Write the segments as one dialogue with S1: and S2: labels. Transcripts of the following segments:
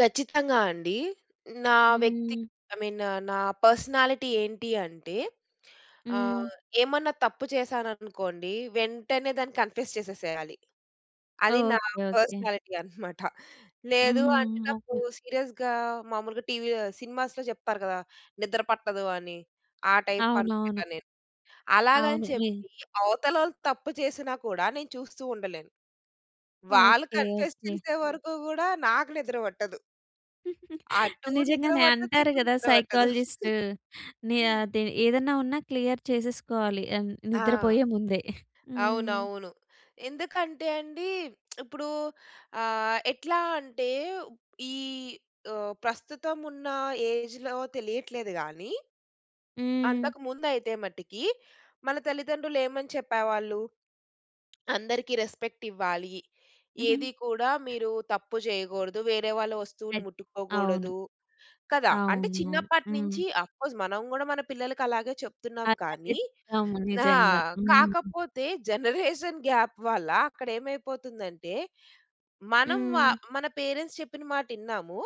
S1: ఖచ్చితంగా అండి. నా వ్యక్తి
S2: హ్మ్.
S1: ఐ మీన్ పర్స్‌నాలిటీ ఏంటి అంటే,
S2: హ్మ్.
S1: ఆహ్, ఏమన్నా తప్పు చేశాననుకోండి. వెంటనే దాన్ని కన్ఫెస్ చేసేసేయాలి. అది నా
S2: ఓకే. ఓకే.
S1: పర్స్‌నాలిటీ అన్నమాట.
S2: హ్మ్.
S1: లేదు అంటే,
S2: హ్మ్.
S1: నాకు
S2: ఓకే.
S1: సీరియస్‌గా మాములుగా టీవీ ఆహ్, సినిమాస్‌లో చెప్తారు గదా! నిద్ర పట్టదు అని. ఆ టైప్ అనమాట
S2: అవునవును.
S1: నేను. అలాగని
S2: అవును. ఎయ్
S1: చెప్పి అవతల వాళ్ళు తప్పు చేసినా కూడా నేను చూస్తూ ఉండలేను. వాళ్ళు
S2: ఓకే.
S1: Confess
S2: okay.
S1: చేసే వరకు కూడా నాకు నిద్ర పట్టదు... అటు నిద్ర
S2: నిజంగానే
S1: పట్టదు.
S2: అంటారు
S1: ఇటు
S2: గదా!
S1: నిద్ర పట్టదు.
S2: సైకాలజిస్ట్. నీ అది ఏదన్నా ఉన్నా క్లియర్ చేసేసుకోవాలి అన్
S1: ఆ!
S2: నిద్రపోయే ముందే. హ్మ్.
S1: అవునవును. ఎందుకంటే, అండి ఇప్పుడు, ఆహ్, ఎట్లా అంటే ఈ ఆహ్, ప్రస్తుతం ఉన్న ఏజ్‌లో తెలియట్లేదు గాని...
S2: హ్మ్.
S1: అంతకు ముందయితే మట్టికి, మన తల్లిదండ్రులు ఏమని చెప్పేవాళ్ళు. అందరికి రెస్పెక్ట్ ఇవ్వాలి. ఏది కూడా మీరు తప్పు చేయగూడదు. వేరే వాళ్ళ వస్తువులు
S2: అవును.
S1: ముట్టుకోగూడదు. కదా! అంటే
S2: అవును.
S1: చిన్నప్పటి
S2: హ్మ్.
S1: నుంచి ఆఫ్కోర్స్ మనం గూడా మన పిల్లలకి అలాగే చెప్తున్నాం
S2: అలాగే
S1: కానీ.
S2: చెప్తాము.
S1: ఆ!
S2: నిజంగా. హ్మ్.
S1: కాకపోతే జనరేషన్ గాప్ వల్ల అక్కడ ఏమైపోతుందంటే, మనం వా
S2: హ్మ్.
S1: మన పేరెంట్స్ చెప్పిన మాటిన్నాము.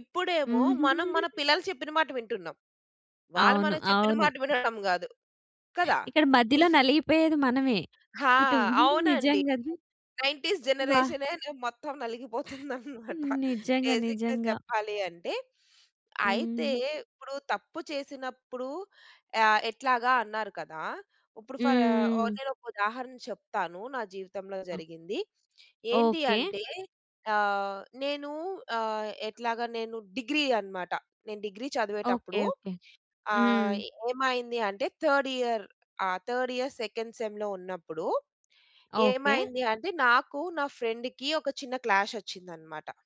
S1: ఇప్పుడేమో మనం మన
S2: హ్మ్.
S1: పిల్లలు చెప్పిన మాట వింటున్నాం. వాళ్ళు
S2: అవును.
S1: మనం చెప్పిన
S2: అవును.
S1: మాట వినడం గాదు. కదా!
S2: ఇక్కడ మధ్యలో నలిగిపోయేది మనమే
S1: ఆ!
S2: ఇటు
S1: అవునండి.
S2: నిజంగా.
S1: 90స్
S2: వ
S1: జనరేషనే నే మొత్తం నలిగిపోతుందనమాట.
S2: హ్మ్, నిజంగా.
S1: బేసిక్‌గా
S2: నిజంగా.
S1: చెప్పాలి అంటే, అయితే
S2: హ్మ్.
S1: ఇప్పుడు తప్పు చేసినప్పుడు ఆహ్, ఎట్లాగా అన్నారు కదా. ఇప్పుడు ఫర్
S2: హ్మ్.
S1: నేను ఒక ఉదాహరణ చెప్తాను, నా జీవితంలో
S2: అ
S1: జరిగింది. ఏంటి
S2: ఓకే.
S1: అంటే ఆహ్, నేను ఆహ్, ఎట్లాగా నేను డిగ్రీ అన్నమాట. నేను డిగ్రీ
S2: ఓకే.
S1: చదివేటప్పుడు
S2: ఓకే.
S1: ఆహ్,
S2: హ్మ్.
S1: ఏమైంది అంటే third year ah, third, second సెమ్‌లో ఉన్నప్పుడు
S2: ఓకే.
S1: ఏమైంది అంటే నాకు, నా ఫ్రెండ్‌కి ఒక చిన్న క్లాష్ ఒచ్చిందన్నమాట.